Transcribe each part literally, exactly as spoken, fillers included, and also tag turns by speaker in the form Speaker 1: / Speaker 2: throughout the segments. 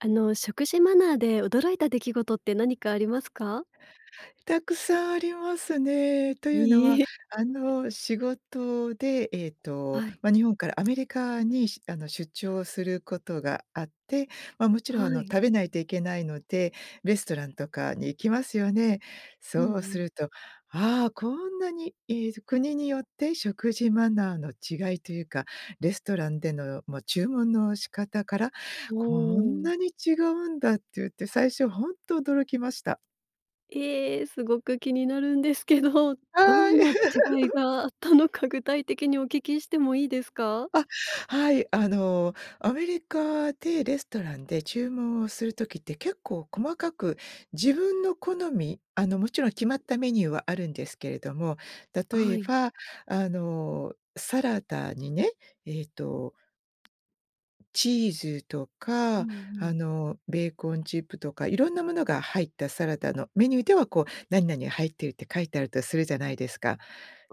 Speaker 1: あの、食事マナーで驚いた出来事って何かありますか？
Speaker 2: たくさんありますね。というの
Speaker 1: いい
Speaker 2: は
Speaker 1: へ。
Speaker 2: あの、仕事でええと、
Speaker 1: はい。
Speaker 2: ま、日本からアメリカに、しあの、出張することがあって、ま、もちろんあ
Speaker 1: は
Speaker 2: の、
Speaker 1: い。
Speaker 2: 食べないといけないので、レストランとかに行きますよね。
Speaker 1: う
Speaker 2: そう
Speaker 1: ん
Speaker 2: す
Speaker 1: うん。
Speaker 2: ると「あ、こんなにええと、国によって食事マナーの違いというか、レストランでの、も注文の仕方から、
Speaker 1: ほ
Speaker 2: こん
Speaker 1: お。
Speaker 2: なに違うんだ」って言って最初ほんと驚きました。
Speaker 1: え、すごく気になるんですけど、ど
Speaker 2: はい。
Speaker 1: んな違い があったのか具体的にお聞きしてもいいですか？
Speaker 2: あ、はい。あの、アメリカでレストランで注文をする時って、結構細かく自分の好み、あの、もちろん決まったメニューはあるんですけれども、
Speaker 1: あ、
Speaker 2: 例
Speaker 1: は
Speaker 2: え
Speaker 1: い。
Speaker 2: ば、あの、サラダにね、ええと、チーズと
Speaker 1: うん
Speaker 2: か、
Speaker 1: う
Speaker 2: あ
Speaker 1: ん。
Speaker 2: の、ベーコンチップとかいろんなものが入ったサラダのメニューでは、こう、何々が入っているって書いてあるとするじゃないですか。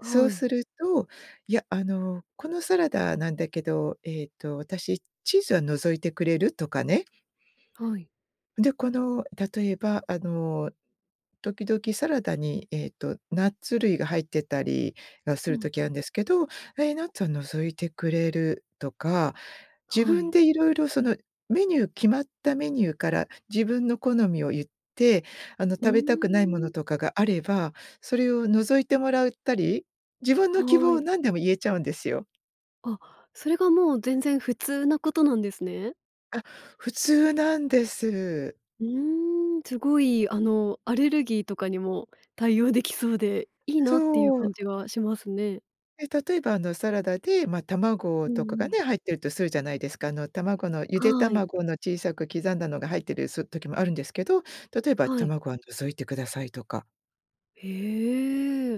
Speaker 2: そう
Speaker 1: い。
Speaker 2: すると「いや、あの、このサラダなんだけど、ええと私、チーズは除いてくれる？」とかね。
Speaker 1: はい。
Speaker 2: で、この例えばあの、時々サラダにえっと、ナッツ類が入ってたりがす
Speaker 1: うん
Speaker 2: る時
Speaker 1: うん。
Speaker 2: あんですけど、え、ナッツは除いてくれる？とか、自
Speaker 1: は
Speaker 2: 分
Speaker 1: い。
Speaker 2: でいろいろそのメニュー決まったメニューから自分の好みを言って、あの、
Speaker 1: う
Speaker 2: 食
Speaker 1: ー
Speaker 2: べたくないも
Speaker 1: ん。
Speaker 2: のとかがあれば、それを除いてもらうたり、自分の希
Speaker 1: は
Speaker 2: 望を
Speaker 1: い。
Speaker 2: 何でも言えちゃうんですよ。
Speaker 1: あ、それがもう全然普通なことなんですね。
Speaker 2: あ、普通なんです。
Speaker 1: うーん、すごい、あの、アレルギーとかにも対応できそうで、いいなっていう
Speaker 2: そ
Speaker 1: 感
Speaker 2: う。
Speaker 1: じはしますね。
Speaker 2: え例えばあのサラダで、ま、卵
Speaker 1: う
Speaker 2: とか
Speaker 1: んう
Speaker 2: が
Speaker 1: ん。
Speaker 2: ね、入ってるとするじゃないですか。あの卵のゆで
Speaker 1: はい。
Speaker 2: 卵の小さく刻んだのが入っているす時もあるんですけど、例えば
Speaker 1: はい。
Speaker 2: 卵は除いてくださいとか。
Speaker 1: へえ。い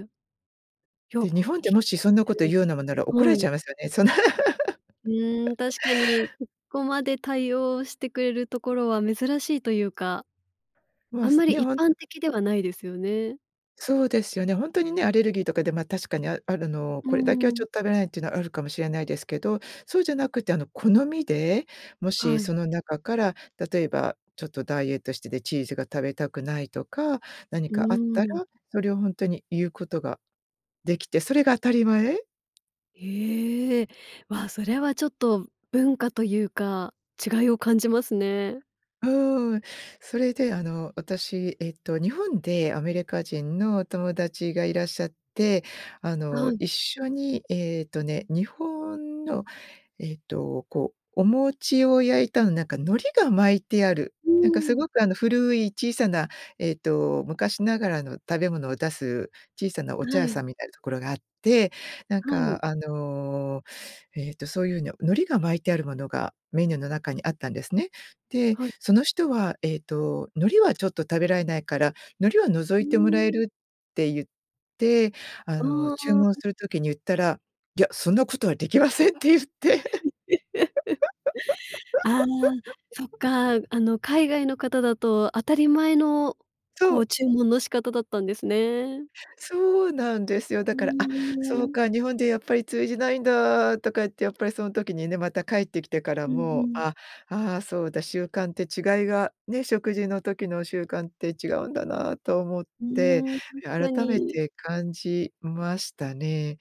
Speaker 1: や。
Speaker 2: で、日本って、
Speaker 1: ひ
Speaker 2: もしそんなこと言うようなものなら怒
Speaker 1: う
Speaker 2: られ
Speaker 1: ん。は
Speaker 2: ち
Speaker 1: い。
Speaker 2: ゃいますよね。そんな。
Speaker 1: うーん、確かにそこまで対応してくれるところは珍しいというか。
Speaker 2: もう、
Speaker 1: あん
Speaker 2: す
Speaker 1: まり
Speaker 2: ね、
Speaker 1: 一
Speaker 2: ほん
Speaker 1: 般
Speaker 2: と。
Speaker 1: 的ではないですよね。
Speaker 2: そうですよね。ほんとにね、アレルギーとかでま確かにあるの
Speaker 1: う
Speaker 2: これだけはちょ
Speaker 1: ん。
Speaker 2: っと食べないっていうのはあるかもしれないですけど、そうじゃなくてあの好みで、も
Speaker 1: は
Speaker 2: し
Speaker 1: い。
Speaker 2: その中から例えばちょっとダイエットしててチーズが食べたくないとか、
Speaker 1: う
Speaker 2: 何かあったら
Speaker 1: ーん。
Speaker 2: それをほんとに言うことができて、それが当たり前。
Speaker 1: ええ、ま、それはちょっと文化というか、違いを感じますね。
Speaker 2: うーん、それで、あの、私、えっと日本でアメリカ人の友達がいらっしゃって、あ
Speaker 1: あは
Speaker 2: の
Speaker 1: い。
Speaker 2: 一緒にええとね、日本のええと、こうお餅を焼いたの、なんか海苔が巻いてある、
Speaker 1: う
Speaker 2: なんかす
Speaker 1: ん。
Speaker 2: ごく、あの、古い小さな、ええと昔ながらの食べ物を出す、小さなお茶
Speaker 1: は
Speaker 2: 屋
Speaker 1: い。
Speaker 2: さんみたいなところがあって、なん
Speaker 1: はい。
Speaker 2: かあのええと、そういうの、海苔が巻いてあるものがメニューの中にあったんですね。で、
Speaker 1: はい。
Speaker 2: その人はええと海苔はちょっと食べられないから、海苔は除
Speaker 1: う
Speaker 2: いてもらえ
Speaker 1: ーん。
Speaker 2: るって言って、あ
Speaker 1: あ
Speaker 2: の、注文
Speaker 1: あ。
Speaker 2: する時に言ったら、「いや、そんなことはできません」って言って。
Speaker 1: ああ、そっか。あの海外の方だと当たり前のこ
Speaker 2: そ
Speaker 1: う
Speaker 2: う。
Speaker 1: 注文の仕方だったんですね。
Speaker 2: そうなんですよ。だ
Speaker 1: う
Speaker 2: から、あ、
Speaker 1: ー
Speaker 2: そう
Speaker 1: ん。
Speaker 2: か、日本でやっぱり通じないんだとか言って、やっぱりその時にね、また帰ってきてから
Speaker 1: うんう
Speaker 2: も、
Speaker 1: ん。
Speaker 2: ああ、ああ、そうだ、習慣って違いが、ね、食事の時の習慣って違うんだなと思っ
Speaker 1: う
Speaker 2: て、
Speaker 1: ーん、確か
Speaker 2: 改め
Speaker 1: に。
Speaker 2: て感じましたね。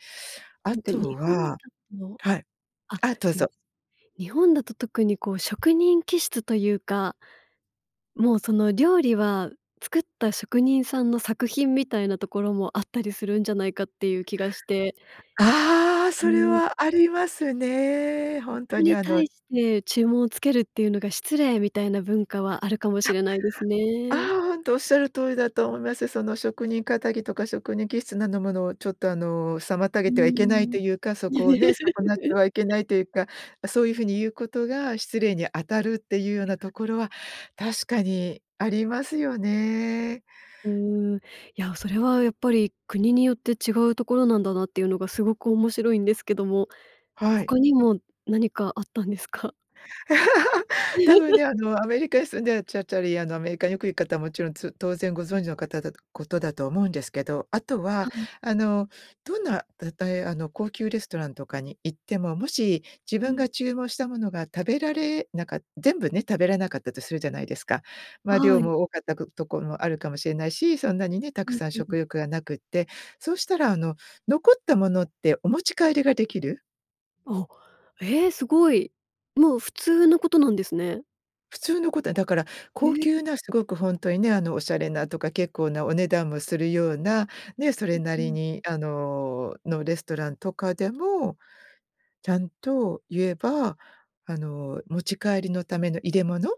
Speaker 2: あ
Speaker 1: なんか
Speaker 2: と
Speaker 1: 日本だ
Speaker 2: は
Speaker 1: と
Speaker 2: はい。
Speaker 1: あ、
Speaker 2: あ、どう
Speaker 1: すみま
Speaker 2: ぞ。
Speaker 1: せん。日本だと特にこう職人気質というかもうその料理は作った職人さんの作品みたいなところもあったりするんじゃないかっていう気がして。
Speaker 2: ああ、それはありますね。ほ
Speaker 1: そ
Speaker 2: ん
Speaker 1: こ
Speaker 2: とに
Speaker 1: に
Speaker 2: あの
Speaker 1: 対して注文をつけるっていうのが失礼みたいな文化はあるかも
Speaker 2: あ、
Speaker 1: しれないです
Speaker 2: ああ、
Speaker 1: ね。
Speaker 2: ほんとおっしゃる通りだと思います。その職人かたぎとか、職人気質なのものを、ちょっと、あの、妨
Speaker 1: う
Speaker 2: げ
Speaker 1: ー
Speaker 2: てはいけない
Speaker 1: ん。
Speaker 2: というか、そこをね、損なってはいけな いというか、そういう風に言うことが失礼に当たるっていうようなと
Speaker 1: [unintelligible]
Speaker 2: ころは確かにありますよね。
Speaker 1: うーん。いや、それはやっぱり国によって違うところなんだなっていうのがすごく面白いんですけども、
Speaker 2: はい。
Speaker 1: 他にも何かあったんですか？
Speaker 2: たぶんね、あ のアメリカに住んでらっちゃっちゃりあのアメリカによく行く方はもちろんつ当然ご存知の方ことだと思うんですけど、あと
Speaker 1: は
Speaker 2: は
Speaker 1: い。
Speaker 2: あの、どんな例え、あの高級レストランとかに行っても、もし自
Speaker 1: う
Speaker 2: 分
Speaker 1: ん。
Speaker 2: が注文したものが食べられなかった、全部ね、食べられなかったとするじゃないですか。ま、
Speaker 1: は
Speaker 2: 量
Speaker 1: い。
Speaker 2: も多かったところもあるかもしれないし、そんなにね、た
Speaker 1: う
Speaker 2: く
Speaker 1: ん
Speaker 2: さん
Speaker 1: うん。
Speaker 2: 食欲がなくって、そしたらあの残ったものってお持ち帰りができる。
Speaker 1: あ、お、え、すごい。もう普通のことなんですね。
Speaker 2: 普通のこと、え、だから高
Speaker 1: え。
Speaker 2: 級なすごくほんとにね、あの、おしゃれなとか結構なお値段もするような、ね、そ
Speaker 1: う
Speaker 2: れ
Speaker 1: ん
Speaker 2: な
Speaker 1: う
Speaker 2: り
Speaker 1: ん。
Speaker 2: にあののレストランとかでも、ちゃんと言えば、あの、持ち帰りのための入れ物、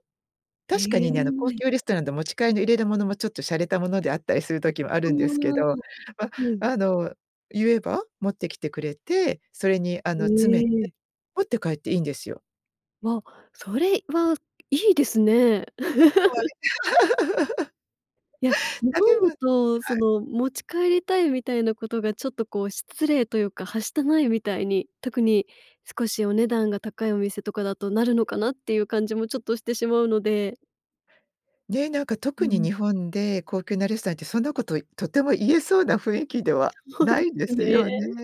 Speaker 1: へ
Speaker 2: 確かにね、あの高
Speaker 1: え。
Speaker 2: 級レストランで持ち帰りの入れるものもちょっとしゃれたものであったりする時もあ
Speaker 1: あ
Speaker 2: るんですけど、
Speaker 1: あ、
Speaker 2: ま、
Speaker 1: はい。
Speaker 2: あの言えば持ってきてくれて、それにあの詰めて、
Speaker 1: え。
Speaker 2: 持って帰っていいんですよ。
Speaker 1: わ、それはいいですね。
Speaker 2: は はい。
Speaker 1: や、日
Speaker 2: うあ、で
Speaker 1: 本
Speaker 2: も、
Speaker 1: だ
Speaker 2: はい。
Speaker 1: とその持ち帰りたいみたいなことがちょっとこう失礼というか、はしたないみたいに、特に少しお値段が高いお店とかだとなるのかなっていう感じもちょっとしてしまうので
Speaker 2: うね、なんか
Speaker 1: う
Speaker 2: 特に
Speaker 1: ん。
Speaker 2: 日本で高級なレストランってそんなこと、いとても言えそうな雰囲気では
Speaker 1: そう
Speaker 2: な
Speaker 1: で
Speaker 2: いで
Speaker 1: す
Speaker 2: す
Speaker 1: ね。
Speaker 2: よね。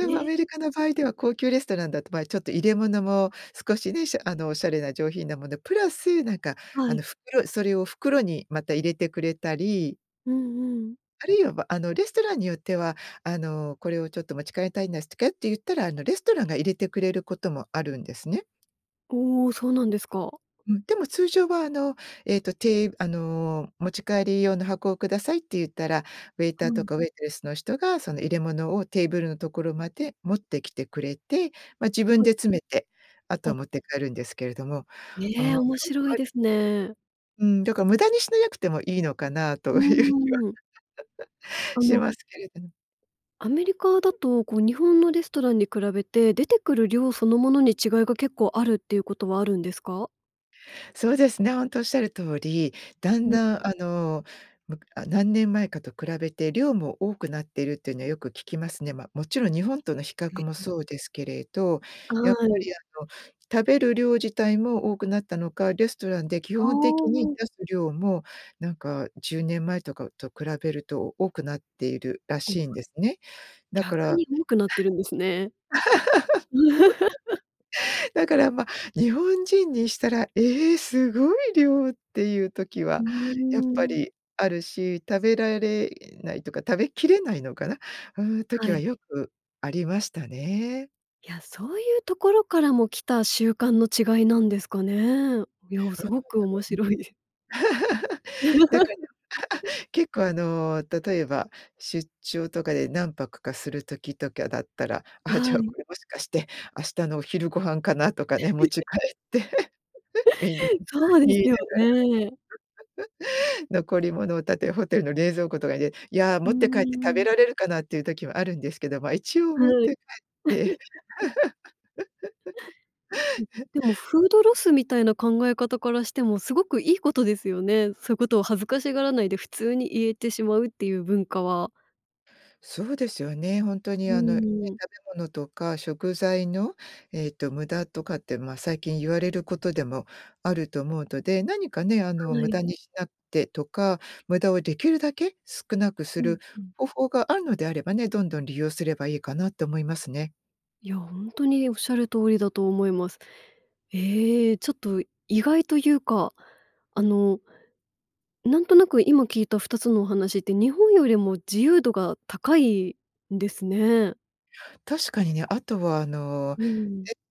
Speaker 1: ね。
Speaker 2: もアメリカの 場合では高級レストランだとまあ、ちょっと入れ物も少しね、しゃあの、おしゃれな上品なものプラスなんか
Speaker 1: は
Speaker 2: あの
Speaker 1: い。
Speaker 2: 袋、それを袋にまた入れてくれたり
Speaker 1: うんうん。
Speaker 2: あるいは、ばあのレストランによっては、「あの、これを、ちょっと持ち帰りたいんですてけ」って言ったら、あの、レストランが入れてくれる事もあるんですね。
Speaker 1: おお、そうなんですか。
Speaker 2: うん。でも通常は、あの、えっと、て「あの、持ち帰り用の箱を下さい」って言ったら、ウェイ
Speaker 1: は
Speaker 2: ターと
Speaker 1: い。
Speaker 2: か、ウェイトレスの人が、その入れ物をテーブルのところまで持ってきてくれて、ま、自分
Speaker 1: はい。
Speaker 2: で詰めて、あとは
Speaker 1: あ。
Speaker 2: 持って帰るんですけれども、ああ、
Speaker 1: へえ、
Speaker 2: そ
Speaker 1: 面
Speaker 2: っ
Speaker 1: 白い
Speaker 2: かい
Speaker 1: ですね。
Speaker 2: うん、だから無駄にしなやくてもいいのかなと
Speaker 1: う
Speaker 2: 言う気は
Speaker 1: ん うんうん。あ
Speaker 2: し
Speaker 1: の
Speaker 2: ますけれどぬ。
Speaker 1: アメリカだと、こう日本のレストランに比べて出てくる量そのものに、違いが結構あるって言う事はあるんですか？
Speaker 2: そうですね、ほんとおっしゃる通り、だん
Speaker 1: うん。
Speaker 2: だん、あの、むかあ、何年前かと比べて量も多くなってるって言うの、よく聞きますね。ま、勿論日本との比
Speaker 1: へ、
Speaker 2: 較も、
Speaker 1: え。
Speaker 2: そうですけれど、
Speaker 1: あ、
Speaker 2: やっぱ
Speaker 1: はい。
Speaker 2: り、あの食べる量自体も多くなったのか、レストランで、基
Speaker 1: ああ、
Speaker 2: 本的に
Speaker 1: お。
Speaker 2: 出す量も、なんかじゅうねんまえとか、うと比べると多くなっているら
Speaker 1: おお。
Speaker 2: しいんですね。だから
Speaker 1: 逆
Speaker 2: はい。
Speaker 1: に多くなってるんですね。
Speaker 2: だか ら、ま、日本人にしたら、「ええ！凄い量」って言う時
Speaker 1: う
Speaker 2: は
Speaker 1: ー
Speaker 2: やっぱ
Speaker 1: ん。
Speaker 2: りあるし、食べられないとか、食べきれないのかな、あ、う時
Speaker 1: は
Speaker 2: は
Speaker 1: い。
Speaker 2: よくありましたね。
Speaker 1: いや、そう言うところからも来た習慣の違いなんですかね。うや、う 凄く面
Speaker 2: ん。
Speaker 1: 白い。
Speaker 2: だから、結構あの、例えば、出張とかで何泊かする時とかだったら、
Speaker 1: う
Speaker 2: あ、じ
Speaker 1: は
Speaker 2: ゃあ
Speaker 1: い。
Speaker 2: これ、もしかして明日のお昼ご飯かなとかね、持ち帰っ
Speaker 1: う
Speaker 2: て、皆で
Speaker 1: そうで
Speaker 2: 言い
Speaker 1: す
Speaker 2: な
Speaker 1: よね。
Speaker 2: がら。残り物をたて、ホテルの冷蔵庫とかで、「いや、
Speaker 1: うー
Speaker 2: 持って帰って食べ
Speaker 1: ん。
Speaker 2: られるかな」って言う時もあるんですけど、ま、一応持っ
Speaker 1: はい。
Speaker 2: て帰って。
Speaker 1: うん。でも、フードロスみたいな考え方からしても、凄く良い事ですよね。そう言う事を恥ずかしがらないで、普通に言えてしまうって言う文化は。
Speaker 2: そうですよね。ほんと
Speaker 1: う
Speaker 2: に、あの、ね、
Speaker 1: ーん。
Speaker 2: 食べ物とか、食材の、えっと、無駄とかって、ま、最近言われる事でもあると思うとで、何かね、あの
Speaker 1: は
Speaker 2: 無
Speaker 1: い。
Speaker 2: 駄にしなてとか、無駄を出来るだけ少なくす
Speaker 1: うん、
Speaker 2: る
Speaker 1: ふん。
Speaker 2: 方法があるのであればね、どんどん利用すればいいかなと思いますね。
Speaker 1: いや、ほんとにおっしゃる通りだと思います。ええ、ちょっと意外と言うか。あの、なんとなく、今聞いたふたつのお話って、日本よりも自由度が高いんですね。
Speaker 2: 確かにね、あとはあの、
Speaker 1: う
Speaker 2: え、
Speaker 1: ん。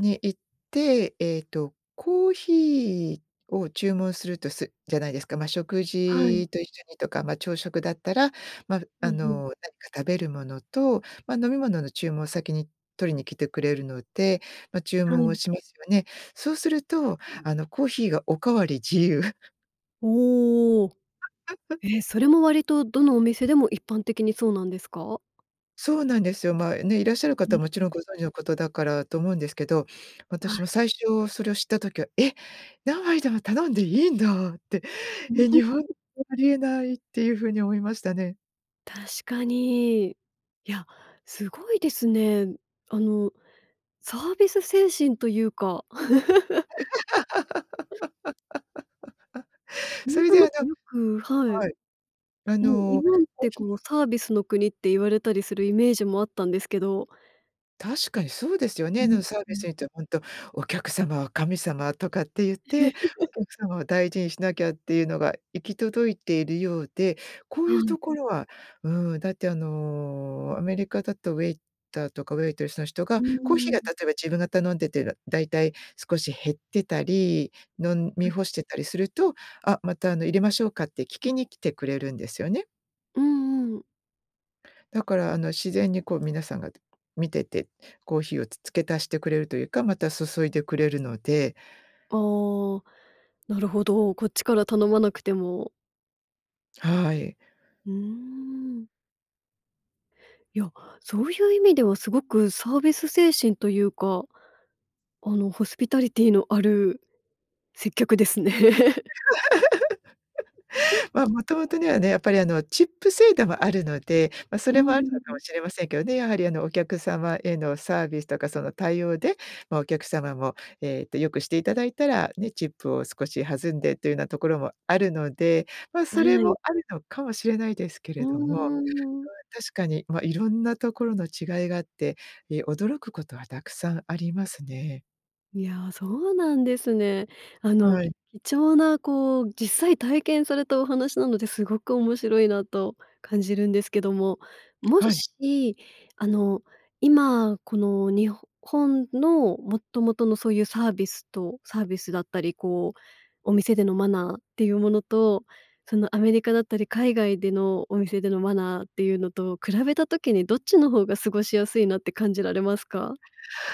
Speaker 2: に行って、えっと、コーヒーを注文するとすじゃないですか。ま、食
Speaker 1: はい。
Speaker 2: 事と一緒にとか、ま、朝食だったら、ま、
Speaker 1: うん
Speaker 2: あ
Speaker 1: うん。
Speaker 2: の、何か食べるものと、ま、飲み物の注文を先に取りに来てくれるので、ま、注
Speaker 1: は
Speaker 2: 文
Speaker 1: い。
Speaker 2: をしますよね。そうするとあの、コーヒーがおかわり自由。
Speaker 1: おお。え、それも割と、どのお店でも一般的にそうなんですか？
Speaker 2: そうなんですよ。まあね、いらっしゃる
Speaker 1: うー
Speaker 2: 方
Speaker 1: ん
Speaker 2: はもち
Speaker 1: うん。
Speaker 2: ろんご存知のことだからと思うんですけど、
Speaker 1: は
Speaker 2: 私
Speaker 1: い。
Speaker 2: も最初それを知った時は、「え！何杯でも頼んでいいんだ」って、「え、日本で
Speaker 1: [unintelligible]
Speaker 2: はありえない」っていうふうに思いましたね。
Speaker 1: 確かに。いや、すごいですね。あのサービス精神というか。な
Speaker 2: そ
Speaker 1: ん
Speaker 2: れ
Speaker 1: と
Speaker 2: であ
Speaker 1: な
Speaker 2: の、
Speaker 1: くよく、はい。
Speaker 2: はい。あ
Speaker 1: もう、日
Speaker 2: の。
Speaker 1: 本って、こ
Speaker 2: [unintelligible]
Speaker 1: のサービスの国って言われたりするイメージもあったんですけど。
Speaker 2: 確かにそうですよ
Speaker 1: うう
Speaker 2: ね。な
Speaker 1: ん、
Speaker 2: うん、サー
Speaker 1: う
Speaker 2: ビス
Speaker 1: ん。
Speaker 2: にって、ほんと、お客様は神様とかって言って、お客様を大事にしなきゃっていうのが、行き届いているようで、こう
Speaker 1: は
Speaker 2: いう
Speaker 1: い。
Speaker 2: ところは、うーん、だって、あのアメリカだと、ウェイターとか、ウェイトレスの人
Speaker 1: う
Speaker 2: がコーヒー
Speaker 1: ー
Speaker 2: が、
Speaker 1: ん。
Speaker 2: 例えば、自分が頼んでてらだいたい少し減ってたり、飲ん
Speaker 1: は
Speaker 2: み
Speaker 1: い。
Speaker 2: 干してたりすると、「あ、またあの、入れましょうか」って、聞きに来てくれるんですよね。
Speaker 1: うんうん。
Speaker 2: だから、あの自然にこう、皆さんがて見てて、コーヒーをつ付け足してくれるというか、また注いでくれるので。
Speaker 1: あ、お、なるほど。こっちから頼まなくても。
Speaker 2: はい。
Speaker 1: うーん。いや、そういう意味では、凄くサービス精神というか、あのホスピタリティのある接客ですね。うん。
Speaker 2: ま、元々ねはね、やっぱり、あのチップ制度はあるので、ま、そ
Speaker 1: う
Speaker 2: れも、あるの
Speaker 1: ー
Speaker 2: か
Speaker 1: ん。
Speaker 2: もしれませんけどね。やはりあの、お客様へのサービスとか、その対応で、まあ、お客様も、えっと、良くして頂いたら、ね、チップを少し弾んでっていうようなところもあるので、ま、
Speaker 1: あ、は
Speaker 2: それも
Speaker 1: い。
Speaker 2: あるのかもしれないですけ
Speaker 1: う
Speaker 2: れども。そ
Speaker 1: ーん。
Speaker 2: れ確かに、ま、色んなところの違いがあって、え、驚く事はたくさんありますね。
Speaker 1: いやあ、そうなんですね。あの
Speaker 2: はい。
Speaker 1: 貴重な、こう、実際体験されたお話なので、凄く面白いなと感じるんですけども、も
Speaker 2: はい。
Speaker 1: しあの、今この日本の元々のそう言うサービスとサービスだったり、こう、お店でのマナーって言うものと、そのアメリカだったり、海外でのお店でのマナーって言うのと比べた時に、どっちの方が過ごしやすいなって感じられますか？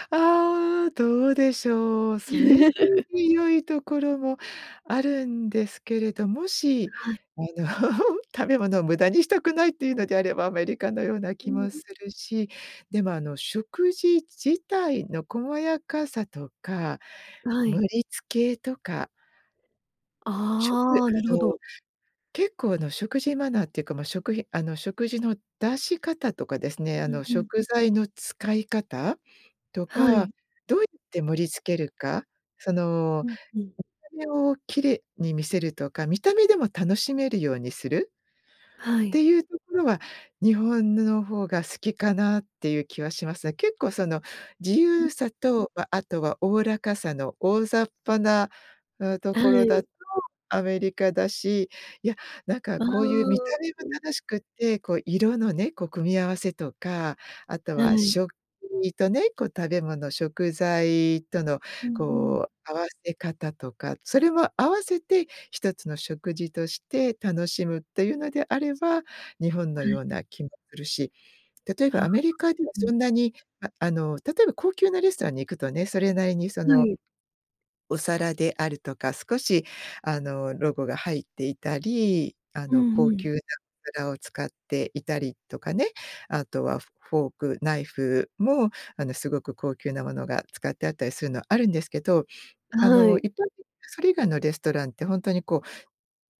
Speaker 2: ああ。どうでしょう。それぞれに良いところもあるんですけれど、もし
Speaker 1: はい。
Speaker 2: あの、食べ物を無駄にしたくないって言うのであれば、アメリカのような
Speaker 1: う
Speaker 2: 気
Speaker 1: う
Speaker 2: も
Speaker 1: ん。
Speaker 2: するし、でもあの、食事自体の細やかさとか、
Speaker 1: はい。
Speaker 2: 盛り付けとかちょくり、
Speaker 1: ああ、なる
Speaker 2: あ
Speaker 1: ほ
Speaker 2: の、
Speaker 1: ど。
Speaker 2: 結構あの、食事マナーって言うか、ま、あの、食事の出し方とかですね。あ
Speaker 1: うん、
Speaker 2: の
Speaker 1: うん。
Speaker 2: 食材の使い方と
Speaker 1: は
Speaker 2: か、
Speaker 1: い。
Speaker 2: どうやって盛り付けるか、その
Speaker 1: うん、うん。
Speaker 2: 見た目を綺麗に見せるとか、見た目でも楽しめるようにする
Speaker 1: は
Speaker 2: っ
Speaker 1: い。
Speaker 2: て言うところは、日本の方が好きかなって言う気はしますね。結構、その自
Speaker 1: うん。
Speaker 2: 由さと、あとは、おおらかさの大雑把なと
Speaker 1: は
Speaker 2: ころだ
Speaker 1: い。
Speaker 2: とアメリカだし。いや、なんか
Speaker 1: あ
Speaker 2: こう、言う見た
Speaker 1: あ。
Speaker 2: 目も
Speaker 1: うん。
Speaker 2: 楽しくって、こう。色のね、こう、組み合わせとか、あと
Speaker 1: は
Speaker 2: は
Speaker 1: い。
Speaker 2: 食器とね、こう、食べ物、食材との
Speaker 1: うんうん。
Speaker 2: こう、合わせ方とか、それも合わせて一つの食事として楽しむって言うのであれば、日本
Speaker 1: は
Speaker 2: のよ
Speaker 1: い。
Speaker 2: うな気もするし。例えば
Speaker 1: はあ、
Speaker 2: アメリカでは、
Speaker 1: うん。
Speaker 2: そんなに、あ、あの、例えば高級なレストランに行くとね、それなりに、そ
Speaker 1: は
Speaker 2: の、
Speaker 1: い。
Speaker 2: お皿であるとか、少しあの、ロゴが入っていたり、あ
Speaker 1: う
Speaker 2: の、
Speaker 1: ん
Speaker 2: 高
Speaker 1: うん。
Speaker 2: 級なお皿を使っていたりとかね、あとはフォーク、ナイフもあの、すごく高級なものが使ってあったりするのはあるんですけど、あ
Speaker 1: は
Speaker 2: の、
Speaker 1: い。
Speaker 2: 一般それ以外のレストランって、本当に、こう、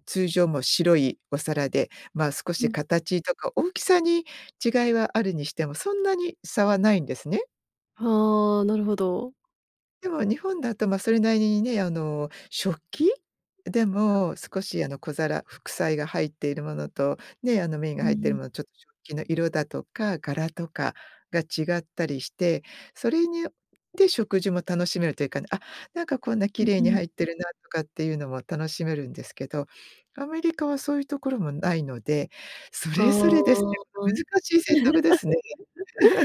Speaker 2: 通常も白いお皿で、ま、少
Speaker 1: う
Speaker 2: し
Speaker 1: ん。
Speaker 2: 形とか大きさに違いはあるにしても、そんなに差はないんですね。
Speaker 1: はあ、なるほど。
Speaker 2: でも日本だと、ま、それなりにね、あの、食器でも少しあの、小皿、副菜が入っているものと、ね、あの、麺
Speaker 1: う
Speaker 2: が入っている
Speaker 1: ん。
Speaker 2: ものちょ食器の色だとか、柄とかが違ったりして、それによって食事も楽しめるというかね「あ、なんかこんな
Speaker 1: う
Speaker 2: 綺
Speaker 1: ん
Speaker 2: 麗
Speaker 1: う
Speaker 2: に
Speaker 1: ん。
Speaker 2: 入ってるな」とかっていうのも楽しめるんですけど、アメリカはそういうところもないので、そ
Speaker 1: あ
Speaker 2: れぞれです
Speaker 1: あ。
Speaker 2: よ。難 しい選択ですね。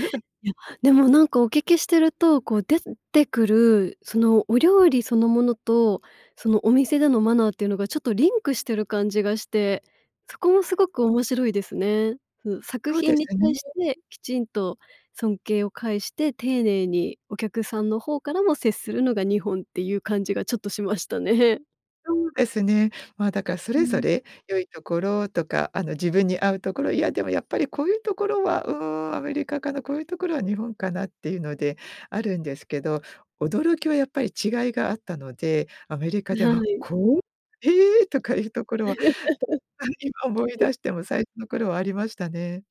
Speaker 1: いや、でもなんかお聞きしてると、こう出すんてくる、そのお料理そのものと、そのお店でのマナーっていうのがちょっとリンクしてる感じがして、そこもすごく面白いですね。ふう、作
Speaker 2: そうで
Speaker 1: 品に
Speaker 2: す
Speaker 1: 対し
Speaker 2: ね。
Speaker 1: て、きちんと尊敬を介して丁寧に、お客さんの方からも接するのが日本っていう感じが、ちょっとしましたね。
Speaker 2: そうですね。ま、だからそ
Speaker 1: う
Speaker 2: れぞ
Speaker 1: ん。
Speaker 2: れ良いところとか、あの、自分に合うところ、いやでも「やっぱり、こういうところは、うーん、アメリカかな、こういうところは日本かな」っていうのであるんです
Speaker 1: う
Speaker 2: け
Speaker 1: うん。
Speaker 2: ど、驚きはやっぱり違いがあったので、アメリカ
Speaker 1: ぬ
Speaker 2: で
Speaker 1: は
Speaker 2: は
Speaker 1: い。
Speaker 2: こう「へえ」とかいうところは、あ、今思い出 しても、最初の頃はありましたね。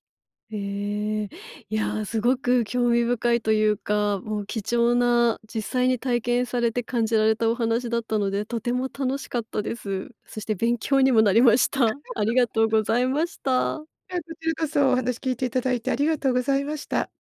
Speaker 1: へえ、いや、すごく興味深いというか、もう貴重な実際に体験されて感じられたお話だったので、とても楽しかったです。そして勉強にもなりました、ありがとうご ざいました。
Speaker 2: いえ、こちらこそお話聞いていただいて、ありがとうございました。